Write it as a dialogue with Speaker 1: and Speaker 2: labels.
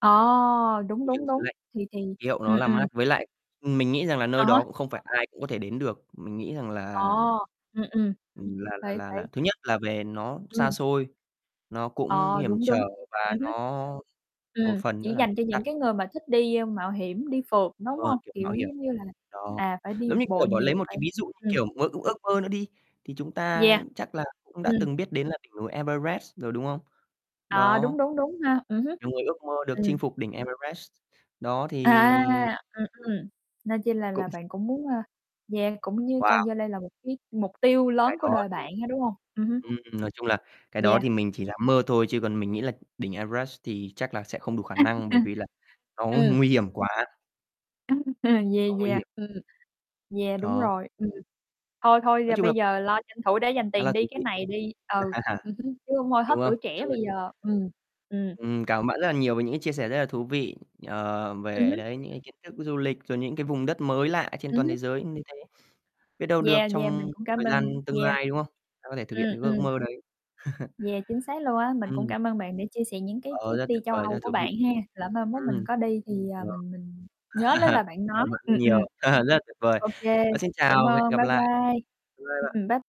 Speaker 1: Ờ, đúng,
Speaker 2: Môi
Speaker 1: đúng,
Speaker 2: trường xứ
Speaker 1: đúng,
Speaker 2: lạnh,
Speaker 1: thì thì
Speaker 2: khí hậu nó
Speaker 1: ừm,
Speaker 2: là mát
Speaker 1: ừm.
Speaker 2: với lại ừm, mình nghĩ rằng là
Speaker 1: À
Speaker 2: nơi
Speaker 1: há.
Speaker 2: đó cũng không phải ai cũng có thể đến được, mình nghĩ rằng
Speaker 1: Ờ,
Speaker 2: là,
Speaker 1: ừm, ừm.
Speaker 2: ưm, là là
Speaker 1: Thấy,
Speaker 2: là
Speaker 1: thấy.
Speaker 2: là thứ nhất là về nó xa
Speaker 1: Ừm.
Speaker 2: xôi, nó cũng
Speaker 1: Ờ,
Speaker 2: hiểm
Speaker 1: đúng, đúng,
Speaker 2: trở, và
Speaker 1: ừm hứm.
Speaker 2: nó một
Speaker 1: Ừm,
Speaker 2: phần nữa
Speaker 1: chỉ
Speaker 2: là
Speaker 1: dành cho những
Speaker 2: đắt.
Speaker 1: cái người mà thích đi, ơ, mạo hiểm, đi phượt, đúng
Speaker 2: Đúng rồi,
Speaker 1: hông?
Speaker 2: kiểu mạo
Speaker 1: Kiểu,
Speaker 2: hiểm.
Speaker 1: giống như là,
Speaker 2: Đó,
Speaker 1: à, phải đi
Speaker 2: giống như
Speaker 1: bộ
Speaker 2: kiểu, bảo lấy
Speaker 1: nhiều,
Speaker 2: một
Speaker 1: phải
Speaker 2: cái ví dụ như
Speaker 1: ừm.
Speaker 2: kiểu mơ ước ước mơ nữa đi thì chúng ta
Speaker 1: Yeah,
Speaker 2: chắc là cũng đã
Speaker 1: ừm.
Speaker 2: từng biết đến là đỉnh núi Everest rồi, đúng không?
Speaker 1: À,
Speaker 2: Đó.
Speaker 1: đúng, đúng, đúng ha, ừm hứm.
Speaker 2: Nhiều người ước mơ được chinh
Speaker 1: Ừm.
Speaker 2: phục đỉnh Everest, đó, thì
Speaker 1: À, ừm, ừm, nên chi là là
Speaker 2: Cũng
Speaker 1: bạn cũng muốn, ơ yeah, cũng như coi
Speaker 2: Wow.
Speaker 1: như đây là một cái mục tiêu lớn
Speaker 2: Cái
Speaker 1: của
Speaker 2: đó
Speaker 1: đời
Speaker 2: thì
Speaker 1: bạn ha, đúng hông? Ừm hưm.
Speaker 2: ừm, nói chung là cái đó
Speaker 1: Yeah.
Speaker 2: thì mình chỉ dám mơ thôi chứ còn mình nghĩ là đỉnh Everest thì chắc là sẽ không đủ khả năng, bởi vì là nó
Speaker 1: Ừm.
Speaker 2: ng nguy hiểm quá.
Speaker 1: Yeah, yeah,
Speaker 2: Nó nguy
Speaker 1: yeah,
Speaker 2: hiểm.
Speaker 1: ừm. Yeah, đúng
Speaker 2: Đó.
Speaker 1: rồi, ừm. Thôi, thôi,
Speaker 2: Nói
Speaker 1: ơ,
Speaker 2: chung là
Speaker 1: bây giờ lo tranh thủ để dành
Speaker 2: Khá
Speaker 1: tiền
Speaker 2: là
Speaker 1: đi
Speaker 2: thú
Speaker 1: cái
Speaker 2: vị.
Speaker 1: này đi. Ừ, ừm hứm, chứ hông thôi hết
Speaker 2: Đúng không?
Speaker 1: tuổi trẻ
Speaker 2: Chung là
Speaker 1: bây
Speaker 2: [unintelligible]
Speaker 1: giờ, ừm. Ừm.
Speaker 2: Ừm, cảm ơn bạn rất là nhiều về những cái chia sẻ rất là thú vị, ờ,
Speaker 1: Ừm
Speaker 2: về
Speaker 1: hứm.
Speaker 2: đấy những cái kiến thức du lịch, rồi những cái vùng đất mới lạ trên
Speaker 1: Ừm
Speaker 2: toàn
Speaker 1: hứm.
Speaker 2: thế giới như thế. Biết đâu được
Speaker 1: Yeah, yeah,
Speaker 2: trong
Speaker 1: mình cũng cảm
Speaker 2: thời
Speaker 1: ơn,
Speaker 2: gian tương
Speaker 1: yeah.
Speaker 2: lai, đúng không? Ta có thể thực hiện
Speaker 1: Ừm,
Speaker 2: những ước
Speaker 1: ừm.
Speaker 2: mơ đấy.
Speaker 1: Yeah, chính xác luôn á, mình cũng
Speaker 2: Ừm.
Speaker 1: cảm ơn bạn đã chia sẻ những cái
Speaker 2: Ờ,
Speaker 1: tip
Speaker 2: rất
Speaker 1: đi
Speaker 2: tuyệt
Speaker 1: châu
Speaker 2: vời,
Speaker 1: Âu
Speaker 2: rất
Speaker 1: của
Speaker 2: thú
Speaker 1: bạn
Speaker 2: vị.
Speaker 1: ha, lỡ mai mốt mình
Speaker 2: Ừm,
Speaker 1: có đi thì,
Speaker 2: ờ,
Speaker 1: ờ, mình mình nhớ lấy lời bạn
Speaker 2: cảm
Speaker 1: nói,
Speaker 2: ơn bạn rất
Speaker 1: ừm,
Speaker 2: nhiều,
Speaker 1: ừm.
Speaker 2: rất tuyệt vời.
Speaker 1: Ô kê,
Speaker 2: Ơ, xin
Speaker 1: cảm
Speaker 2: chào và hẹn
Speaker 1: ơn,
Speaker 2: gặp
Speaker 1: bye
Speaker 2: lại,
Speaker 1: bye.
Speaker 2: bye bye bạn.
Speaker 1: Ừm, bye